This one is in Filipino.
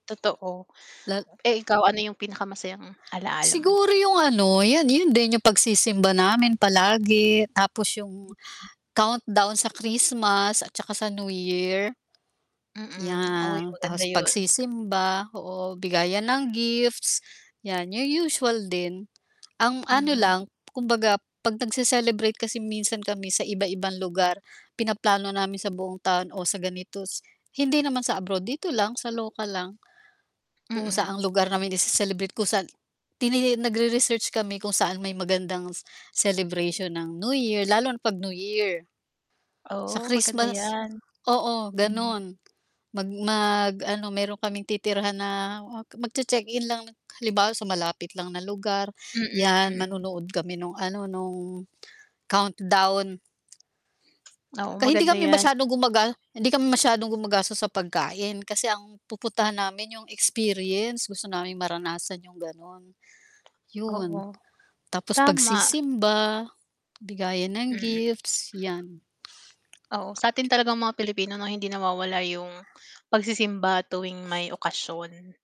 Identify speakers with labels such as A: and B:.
A: Totoo.
B: Lala
A: Eh, ikaw ano yung pinaka masayang alaala mo?
B: Siguro yung ano, yan yun din yung pagsisimba namin palagi tapos yung
A: Mm.
B: countdown sa Christmas at saka sa New Year.
A: Mm, oy,
B: Yeah,
A: maganda
B: tas
A: yun.
B: pagsisimba, oo, bigayan ng gifts, yan, yung usual din. Ang ano
A: Mhm.
B: lang, kumbaga 'pag nagse-celebrate kasi minsan kami sa iba-ibang lugar, pinaplano namin sa buong taon o sa ganito hindi naman sa abroad dito lang sa lokal lang. Kung saan ang
A: Mm.
B: lugar namin ise-celebrate kung saan tini nagre-research kami kung saan may magandang celebration ng New Year lalo na pag New Year. Sa
A: Oo, maganda
B: Christmas
A: yan.
B: oo,
A: Hm.
B: ganun mag mag ano meron kaming titirahan na magche -check in lang halimbawa sa malapit lang na lugar,
A: Mm,
B: yan,
A: mm.
B: manonood kami nung ano nung countdown.
A: Oo,
B: Ka hindi
A: maganda
B: kami
A: yan.
B: masyadong gumaga hindi kami masyadong gumagastos sa pagkain kasi ang pupuntahan namin yung experience gusto naming maranasan yung ganon
A: Oo,
B: yun. Tapos
A: tama.
B: pagsisimba, bigayan ng
A: Mm.
B: gifts, yan.
A: Oo, sa atin talagang mga Pilipino' no, hindi nawawala yung pagsisimba tuwing may okasyon.